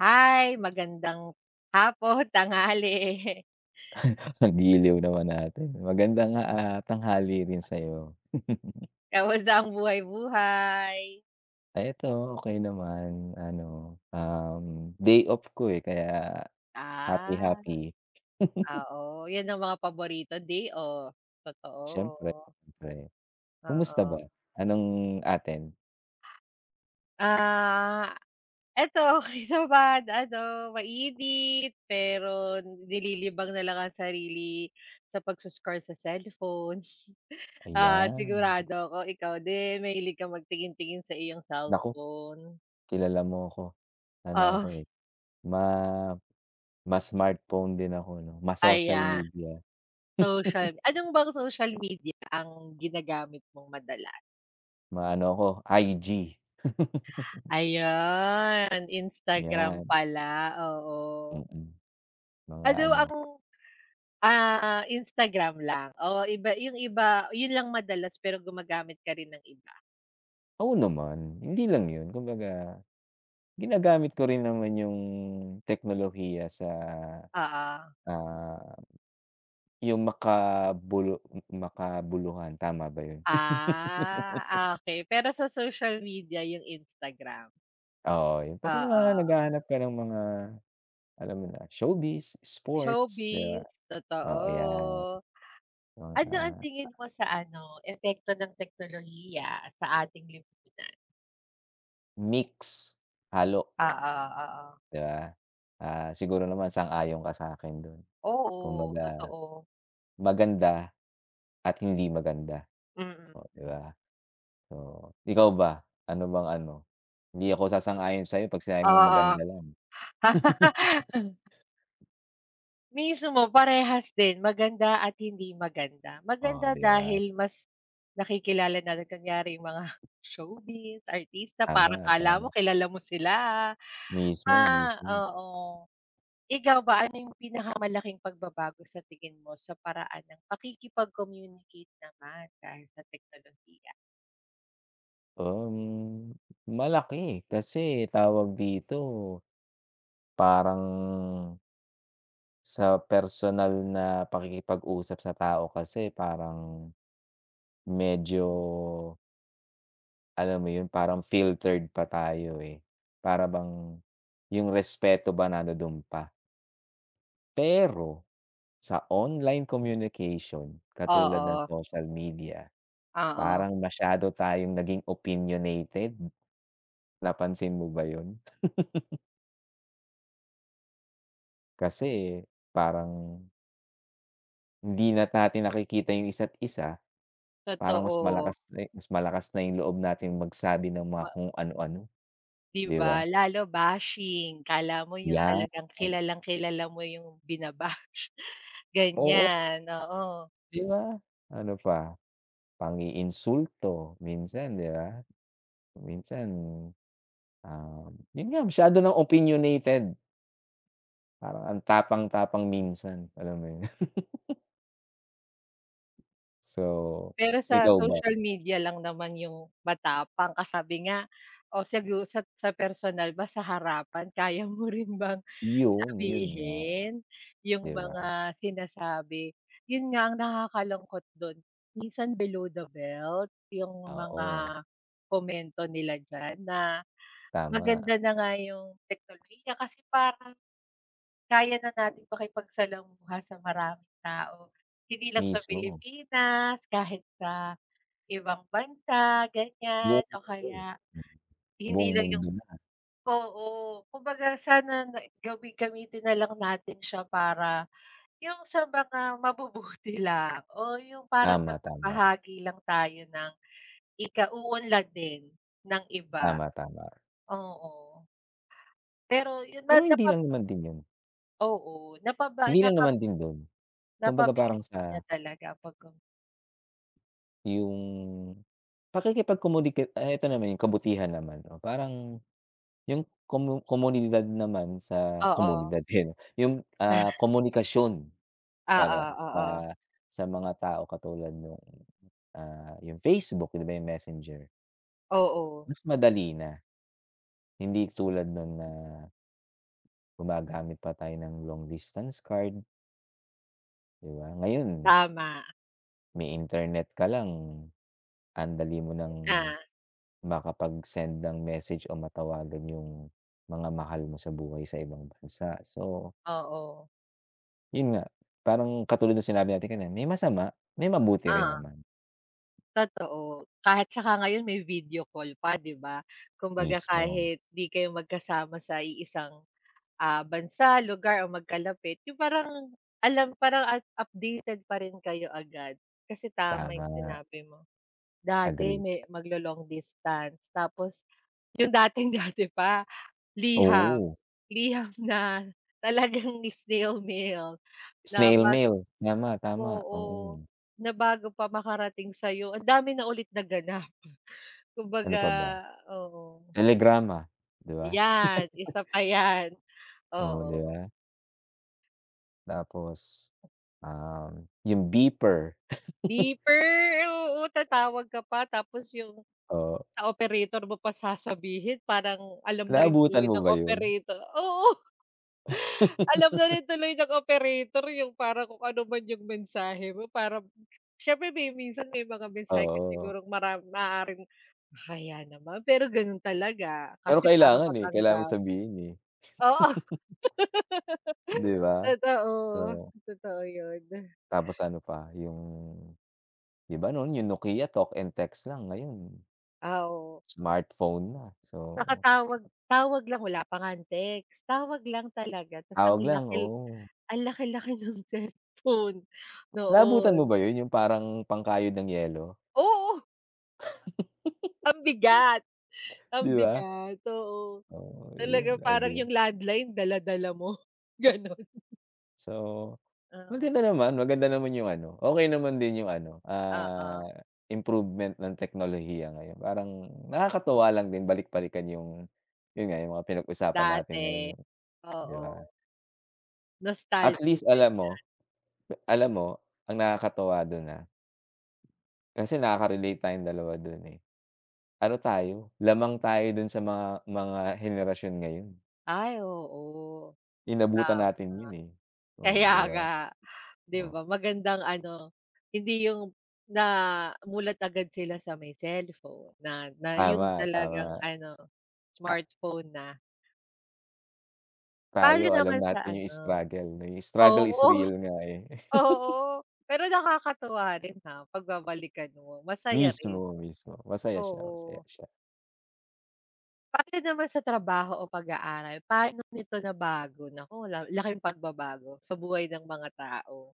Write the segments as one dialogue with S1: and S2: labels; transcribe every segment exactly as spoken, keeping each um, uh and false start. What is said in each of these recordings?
S1: Hi, magandang hapon, tanghali.
S2: Ang giliw naman natin, magandang, ah, tanghali rin sa'yo.
S1: Kumusta ang buhay-buhay?
S2: Ay, ito, okey naman. Ano, um, day off ko, eh, kaya happy
S1: Ah.
S2: happy.
S1: Oo, yun ang mga paborito, day off,
S2: Siyempre,
S1: totoo.
S2: siyempre. Kumusta ba?
S1: Oo.
S2: Anong atin?
S1: Ah ito, okey naman, ano, mainit, pero nililibang na lang ang sarili sa pagso-scroll sa cellphone. Ah,
S2: Ayan.
S1: sigurado ako ikaw din, mahilig ka magtingin-tingin sa iyong
S2: Nako,
S1: cellphone.
S2: kilala mo ‘ko. Ano ako,
S1: Oo.
S2: eh, ma ma-smartphone din ako ‘no, ma-social
S1: Aya
S2: media.
S1: social anong bang social media ang ginagamit mong madalas?
S2: Maano ako, I-G.
S1: Ayun, Instagram
S2: ‘Yan.
S1: pala, oo.
S2: Mm. Mga
S1: Ano
S2: ano
S1: ang ah, Instagram lang o iba yung iba yun lang madalas, pero gumagamit ka rin ng iba?
S2: Oo naman, hindi lang yun, kumbaga, ginagamit ko rin naman yung teknolohiya sa,
S1: Oo.
S2: ah, yung makabulu m makabuluhan. Tama ba yun?
S1: Ah, okey, pero sa social media, yung Instagram?
S2: Oo, yung 'pag ka mga
S1: Oo.
S2: naghahanap ka ng mga, alam mo na, showbiz, sports 'di ba,
S1: Showbiz,
S2: oo, 'yan.
S1: totoo. Ano ang
S2: [unintelligible]
S1: tingin mo sa ano, epekto ng teknolohiya sa ating lipunan?
S2: Mix, halo.
S1: Oo, oo.
S2: 'Di ba. Ah, siguro naman sang-ayon ka sa'kin dun,
S1: Oo,
S2: kumbaga,
S1: totoo.
S2: maganda at hindi maganda,
S1: Mm.
S2: oh, 'di ba. So, ikaw ba, ano bang ano, hindi ako sasang-ayon sa'yo 'pag sinabi mong
S1: Oo.
S2: maganda lang.
S1: Mismo, parehas din maganda at hindi maganda.
S2: Oh,
S1: Maganda
S2: 'di ba.
S1: dahil mas nakikilala narin kunyari yung mga, showbiz, artista, parang
S2: Tama,
S1: akala mo
S2: tama.
S1: kilala mo sila.
S2: Mismo,
S1: Ah,
S2: mismo.
S1: oo. Ikaw ba? Ano yung pinakamalaking pagbabago sa tingin mo sa paraan ng pakikipag-communicate naman dahil sa teknolohiya?
S2: Parang malaki kasi tawag dito, parang sa personal na pakikipag-usap sa tao kasi parang medyo alam mo yun, parang filtered pa tayo, eh, para bang yung respeto ba, nanduduon pa. Pero sa online communication katulad ng
S1: Oo.
S2: social media,
S1: Oo.
S2: parang masyado tayong naging opinionated. Napansin mo ba yun? Kasi parang hindi na't natin nakikita yung isa't isa. Parang mas
S1: Totoo.
S2: malakas na, eh mas malakas na yung loob natin magsabi ng mga
S1: Ma
S2: kung anu-ano,
S1: 'Di
S2: 'di
S1: ba
S2: ba?
S1: lalo bashing, akala mo yung
S2: Yan.
S1: talagang kilalang-kilala mo yung bina-bash.
S2: Oo.
S1: Ganyan, oo.
S2: 'Di ba, ano pa? Pang-iinsulto minsan, 'di ba? Minsan, um, yun nga, masyado ng opinionated. Parang ang tapang-tapang minsan, alam mo 'yun? So,
S1: Pero sa
S2: ikaw ba?
S1: social media lang naman yung matapang, ka sabi nga, o sigu sat sa personal ba, sa harapan kaya mo rin bang
S2: Yun, yun nga.
S1: sabihin yung
S2: 'Di ba?
S1: mga sinasabi? 'Yun nga ang nakakalungkot do'n. Minsan below the belt yung mga
S2: Oo.
S1: komento nila diyan, na
S2: Tama.
S1: maganda na nga yung teknolohiya kasi parang, kaya na nating makipagsalamuha sa maraming tao. Hindi lang sa
S2: Mismo.
S1: Pilipinas, kahit sa ibang bansa, ganyan
S2: Buong
S1: o
S2: mundo,
S1: kaya,
S2: m
S1: hindi
S2: buong
S1: lang yung
S2: mundo na.
S1: oo, kumbaga sana na gami gamitin nalang natin siya para yung sa mga mabubuti lang, o yung parang
S2: Tama, tama.
S1: magbahagi lang tayo ng ikauunlad din ng iba.
S2: Tama, tama.
S1: Oo. Pero 'yun
S2: Pero
S1: na na
S2: hindi
S1: pap
S2: lang naman din 'yun.
S1: Oo, napaba
S2: Hindi lang
S1: napap
S2: naman din dun. Kumbaga parang
S1: Napabilis
S2: sa
S1: din niya talaga pagkom
S2: Yung pakikipagcommunicate ay ito naman yung kabutihan naman. Oh, parang yung komo komunidad naman sa
S1: Oo.
S2: komunidad, tiyen, yung,
S1: Ah.
S2: ah, komunikasyon
S1: Oo,
S2: para sa
S1: oo.
S2: sa mga tao katulad nung, ah, yung Facebook, 'di ba, yung Messenger.
S1: Oo.
S2: Mas madali na. Hindi tulad nun na gumagamit pa tayo ng long distance card. 'Di ba? Ngayon
S1: Tama.
S2: may internet ka lang, ang dali mo nang
S1: Ah.
S2: makapagsend ng message o matawagan yung mga mahal mo sa buhay sa ibang bansa. So
S1: Oo.
S2: yun nga. Parang katulad nung sinabi natin kanina, may masama, may mabuti rin
S1: Ah.
S2: naman.
S1: Totoo, kahit tsaka ngayon may video call pa, 'di ba? Kumbaga
S2: Mismo.
S1: kahit 'di kayo magkasama sa iisang, ah, bansa, lugar, o magkalapit, yung parang alam parang at updated pa rin kayo agad. Kasi tama yung
S2: Tama.
S1: sinabi mo, dati
S2: Agree.
S1: may maglo-long distance tapos 'yong dating-dati pa, liham.
S2: Oo.
S1: Liham na talagang snail mail na
S2: Snail
S1: bat
S2: mail niya ma, tama,
S1: oo,
S2: oo.
S1: na bago pa makarating sa'yo ang dami na ulit naganap. Kumbaga
S2: Ano pa ba?
S1: oo.
S2: Telegrama, 'di ba?
S1: Yan, isa pa yan,
S2: Oo, 'di
S1: oo.
S2: ba? Tapos, um, yung beeper.
S1: Beeper oo, tatawag ka pa tapos yung,
S2: Oh.
S1: sa operator mo pa sasabihin, parang alam na rin
S2: Naabutan
S1: tuloy
S2: mo
S1: ng
S2: ba yun?
S1: operator, oo. Alam na rin tuloy ng operator yung para kung ano man yung mensahe mo, para syempre may minsan may mga mensahe kung
S2: Oo.
S1: sigurong mara maaaring, kahiya naman, pero gano'n talaga
S2: Pero
S1: kasi para
S2: kailangan, eh, kailangan mo
S1: matanggap.
S2: sabihin, eh.
S1: Oo,
S2: 'Di ba,
S1: totoo,
S2: so.
S1: totoo yun.
S2: Tapos ano pa yung, 'di ba, nun yung Nokia, talk and text lang, ngayon
S1: Ah, oo.
S2: smartphone na, so.
S1: Nakatawag tawag lang, wala pa nga ang text, tawag lang talaga, 'tas ang
S2: Tawag lang,
S1: laki,
S2: oo.
S1: ang laki-laki ng cellphone
S2: Naabutan mo
S1: noon.
S2: ba yun, yung parang pangkayod ng yelo.
S1: Oo. Ang bigat ang
S2: 'Di ba.
S1: bigat, oo,
S2: Oo,
S1: talaga,
S2: yun,
S1: parang
S2: agree.
S1: yung landline dala-dala mo gano'n.
S2: So,
S1: Ah, oh.
S2: maganda naman, maganda naman yung ano, okey naman din yung ano,
S1: Oo.
S2: ah, improvement ng teknolohiya ngayon. Parang nakakatuwa lang din balik-balikan yung, yun nga yung mga pinag-usapan natin ngayon
S1: Dati,
S2: yun, 'di ba?
S1: oo.
S2: At
S1: Nostalgic,
S2: least alam mo,
S1: ganiyan.
S2: e alam mo, ang nakakatuwa dun, ha, kasi nakakarelate tayong dalawa dun, eh. Ano tayo, lamang tayo dun sa mga mga henerasyon ngayon.
S1: Ay, oo,
S2: Inabutan natin
S1: tama.
S2: yun, eh. Oh,
S1: Kaya
S2: 'di ba?
S1: nga. 'Di
S2: Oh.
S1: ba magandang ano, hindi yung namulat agad sila sa may cellphone, na na yun
S2: Tama,
S1: talagang
S2: tama.
S1: ano,
S2: Ah
S1: smartphone na. Tayo
S2: Tayo, alam
S1: naman sa
S2: natin yung
S1: ano
S2: struggle na yung, struggle is
S1: oo,
S2: real nga, eh.
S1: oo. Pero nakakatuwa rin, ha, 'pag babalikan mo, masaya rin.
S2: Mismo, mismo. Masaya siya, masaya
S1: Oo.
S2: siya.
S1: Pagdating naman sa trabaho o pag-aaral, pa'no nito nabago? Naku, lal laking pagbabago sa buhay ng mga tao.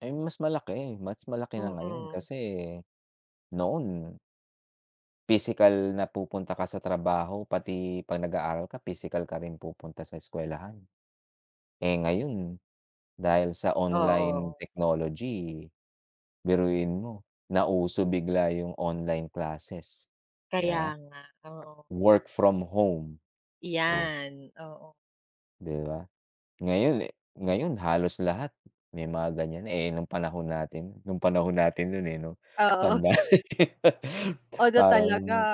S2: Eh, mas malaki, mas malaki na ngayon
S1: Mm.
S2: kasi noon pisikal na pupunta ka sa trabaho pati ‘pag nag-aaral ka, pisikal ka rin pupunta sa eskuwelahan. Eh, ngayon dahil sa online
S1: Oo.
S2: technology, biruin mo nauso bigla yung online classes, ‘di
S1: Kaya
S2: ba.
S1: nga, oo.
S2: Work from home, oh.
S1: 'Yan, oo.
S2: 'Di ba, ngayon, eh ngayon halos lahat may mga ganiyan na, eh, nung panahon natin, nung panahon natin nun, eh, 'no,
S1: Oo.
S2: tanda na.
S1: [unintelligible] talaga
S2: Parang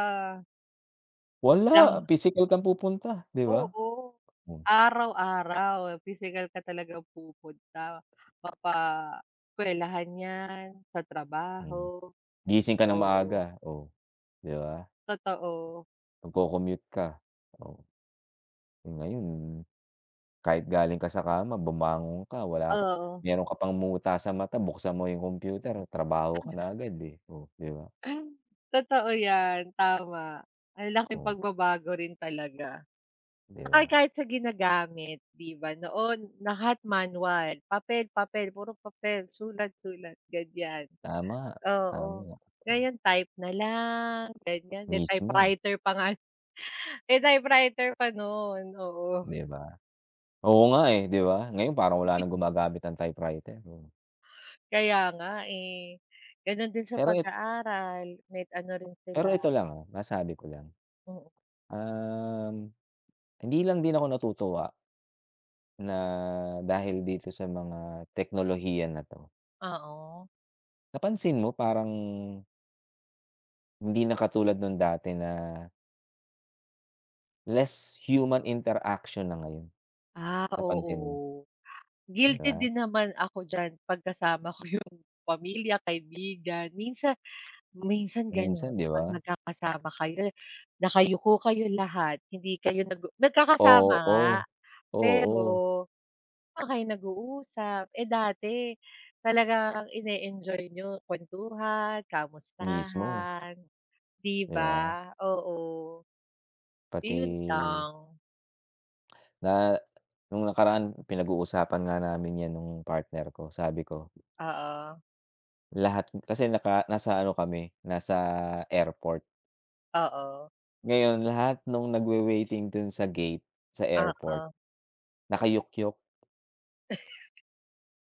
S2: Wala,
S1: lang.
S2: pisikal kang pupunta, 'di ba?
S1: Oo,
S2: Hmm.
S1: araw-araw, pisikal ka talagang pupunta, mapa eskwelahan ‘yan, sa
S2: Hmm,
S1: trabaho,
S2: gising ka nang
S1: oo.
S2: maaga, oh, 'di ba.
S1: Totoo.
S2: Magko-commute ka, oh, ngayon. Kahit galing ka sa kama bumangon ka, wala ka
S1: Oo.
S2: meron ka pang muta sa mata buksan mo yung computer, trabaho ka na agad, eh, oh, 'di ba.
S1: Totoo ‘yan, tama, ang laking
S2: Oh.
S1: pagbabago rin talaga.
S2: 'Di
S1: Na kahi
S2: ba.
S1: kahit sa ginagamit 'di ba, noon, lahat manual, papel, papel, puro papel, sulat, sulat, ganiyan,
S2: Tama,
S1: oo.
S2: tama, oh.
S1: Ngayon type na lang, ganiyan, may
S2: Mismo.
S1: typewriter pa nga, typewriter pa no’n, oo.
S2: 'Di ba, oo nga, eh, 'di ba, ngayon parang wala ng gumagamit ng typewriter, oh.
S1: Kaya nga, eh. Ganun din sa
S2: Pero it
S1: pag-aaral met ano rin sila.
S2: Pero ito lang, ah, masabi ko lang.
S1: Oo.
S2: Um, hindi lang din ako natutuwa na dahil dito sa mga teknolohiya na 'to.
S1: ao.
S2: Napansin mo parang hindi na katulad nung dati na less human interaksiyon na ngayon,
S1: Ah,
S2: napansin mo?
S1: oo.
S2: 'Di
S1: Guilty
S2: ba?
S1: din naman ako diyan 'pag kasama ko 'yong pamilya kaibigan. Minsa minsan gano'n,
S2: Minsan, 'di
S1: 'pag
S2: ba?
S1: magkakasama kayo, nakayuko kayo lahat. Hindi kayo nag-u nagkakasama nga
S2: Oo,
S1: pero,
S2: oo.
S1: 'di naman kayo nag-uusap. Eh, dati talagang ine-enjoy niyo, kuwentuhan,
S2: Mismo.
S1: kamustahan, di
S2: 'Di ba?
S1: ba? Oo.
S2: Pati
S1: Iyon lang.
S2: Na nung nakaraan pinag-uusapan nga namin yan nung partner ko sabi ko
S1: Oo.
S2: Lahat kasi naka nasa ano kami nasa airport.
S1: Oo.
S2: Ngayon lahat nung nagwe-waiting dun sa gate sa airport
S1: Oo.
S2: nakayukyuk.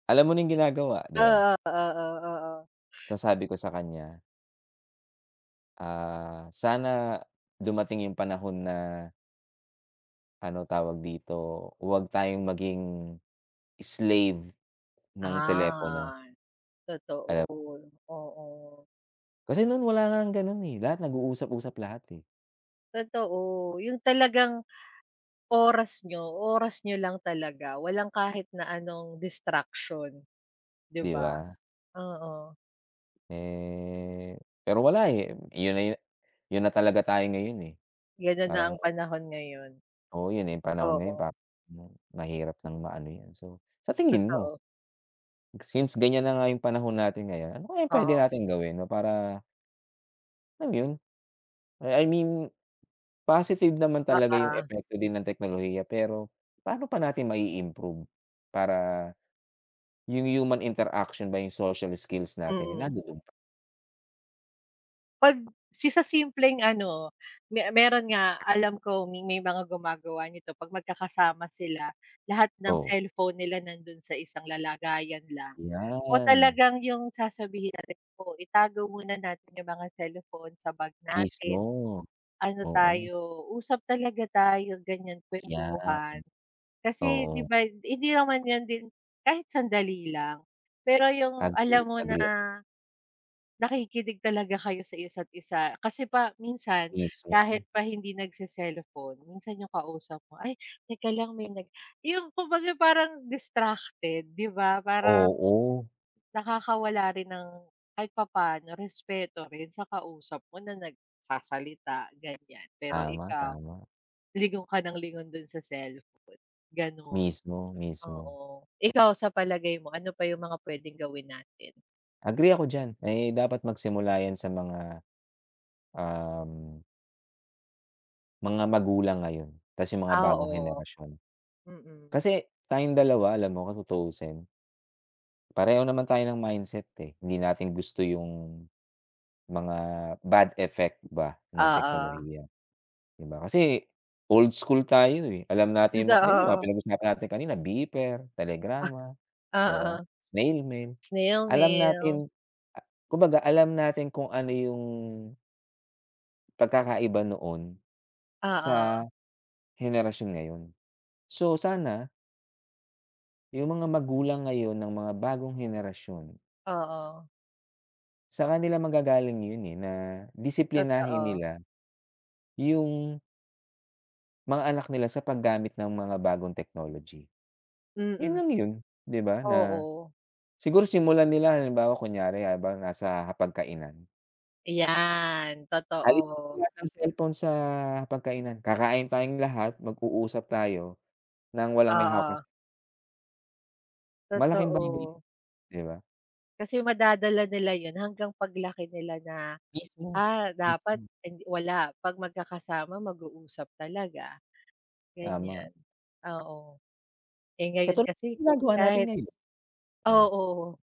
S2: Alam mo na yung ginagawa, 'di ba?
S1: Oo, oo, oo.
S2: Tas sabi ko sa kanya "Ah, sana dumating yung panahon na ano tawag dito, huwag tayong maging slave ng telepono."
S1: an, totoo,
S2: Kaya p
S1: oo.
S2: Kasi nun wala ng ganun, eh. Lahat nag-uusap-usap lahat, eh.
S1: Totoo, yun talagang oras niyo, oras niyo lang talaga, walang kahit na anong distraction, 'di
S2: 'Di
S1: ba?
S2: ba?
S1: Oo.
S2: Eh, pero wala, eh, yun na yu yun na talaga tayo ngayon, eh.
S1: Ganun na ang
S2: Parang
S1: panahon ngayon.
S2: Oo, yun, eh, panahon ngayon pa
S1: Oo.
S2: hmm, mahirap ng maano 'yan. So, sa tingin mo.
S1: Totoo.
S2: Since, ganyan na nga yung panahon natin ngayon. Ano kaya yung pwede
S1: Oo.
S2: nating gawin, 'no, para Ano yun, eh, I mean, positive naman talaga yung
S1: Oo.
S2: epekto din ng teknolohiya pero, pa'no pa natin mai-improve para, yung human interaction ba yung social skills natin, eh,
S1: Mm.
S2: nandodo'n.
S1: 'Pag, sa simpleng ano, me meron nga alam ko may mga gumagawa nito 'pag magkakasama sila, lahat ng
S2: Oo.
S1: cellphone nila nandun sa isang lalagayan lang o
S2: 'Yan.
S1: talagang yung sasabihin natin, oh, itago muna natin yung mga cellphone sa bag natin.
S2: Mismo,
S1: Ano
S2: oo.
S1: tayo, usap talaga tayo, ganyan
S2: 'Yan,
S1: kwentuhan. Kasi 'di
S2: oo.
S1: ba, hindi naman yan din kahit sandali lang, pero yung alam
S2: Agree,
S1: mo na,
S2: agree ako.
S1: nakikinig talaga kayo sa isa't isa kasi, pa minsan
S2: Mismo.
S1: kahit pa hindi nagse-cellphone minsan yung kausap mo, ay, teka lang, may nag yung kumbaga parang distracted 'di ba, parang,
S2: Oo.
S1: nakakawala rin ng kahit papa'no respeto rin sa kausap mo na nagsasalita ganyan, pero
S2: Tama,
S1: ikaw,
S2: tama.
S1: lingon ka ng lingon dun sa cellphone, gano'n.
S2: Mismo, mismo.
S1: Oo ikaw sa palagay mo, ano pa yung mga pwedeng gawin natin?
S2: Agree ako diyan, ay dapat magsimula yan sa mga, um mga magulang ngayon kasi mga
S1: Ah,
S2: bagong
S1: oo.
S2: henerasyon.
S1: Mm.
S2: Kasi tayong dalawa, alam mo kung tutuusin pareho naman tayo ng mindset, eh, hindi natin gusto yung, mga bad effect ba nung
S1: Oo.
S2: teknolohiya, di ba? Kasi old school tayo, eh, alam natin yung mga di ba mga
S1: Totoo.
S2: pinag usapan natin kanina beeper,
S1: Ah,
S2: telegrama, 'di ba,
S1: oo.
S2: snail mail
S1: Snail
S2: Alam
S1: mail.
S2: natin a kumbaga alam natin kung ano yung pagkakaiba noon,
S1: Oo.
S2: sa henerasyon ngayon. So sana yung mga magulang ngayon ng mga bagong henerasyon
S1: Oo.
S2: sa kanila manggagaling yun, eh, na disiplinahin
S1: Totoo.
S2: nila yung mga anak nila sa paggamit ng mga bagong technology. Yun
S1: Mm.
S2: lang yun, 'di ba, na
S1: Oo.
S2: siguro simulan nila halimbawa kunyari habang nasa hapag kainan.
S1: Ayan,
S2: Alisin
S1: totoo.
S2: lahat ng cellphone sa hapag-kainan, kakain tayong lahat, mag-uusap tayo nang walang may hawak na ce
S1: Oo.
S2: Malaking bagay,
S1: Totoo.
S2: 'di ba?
S1: Kasi madadala nila yun hanggang paglaki nila na,
S2: Mismo,
S1: ah, dapat
S2: mismo.
S1: hind wala, 'pag magkakasama, mag-uusap talaga,
S2: Tama.
S1: ganyan. Oo. Eh, ngayon
S2: Katulad
S1: kasi,
S2: ginagawa natin
S1: kahit
S2: ngayon. Mm.
S1: Oo.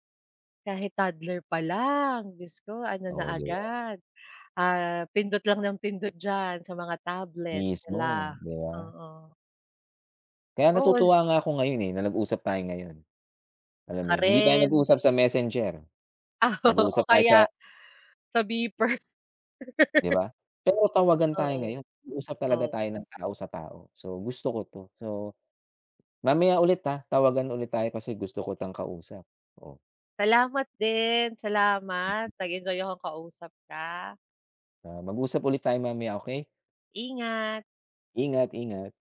S1: Kahit toddler pa lang, Diyos ko ano na
S2: Oh, 'di ba.
S1: agad, ah, pindot lang nang pindot diyan sa mga tablet,
S2: Mismo
S1: hala,
S2: 'di ba.
S1: oo.
S2: Kaya
S1: All.
S2: natutuwa nga ako ngayon, eh, na nag-usap tayo ngayon. Alam mo
S1: Ka
S2: yun, hindi tayo
S1: rin.
S2: nag-usap sa messenger.
S1: Oo,
S2: Nag-uusap
S1: o
S2: tayo sa
S1: kaya, sa beeper.
S2: 'Di ba? Pero tawagan tayo
S1: Oo,
S2: ngayon, nag-uusap talaga
S1: oo.
S2: tayo ng tao sa tao. So gusto ko 'to. So, mamaya ulit, ah, tawagan ulit tayo kasi gusto ko kitang kausap, oh.
S1: Salamat din, salamat,
S2: Mm.
S1: nag-enjoy akong kausap ka.
S2: Ah, mag-usap ulit tayo mamaya, okey?
S1: Ingat.
S2: Ingat, ingat.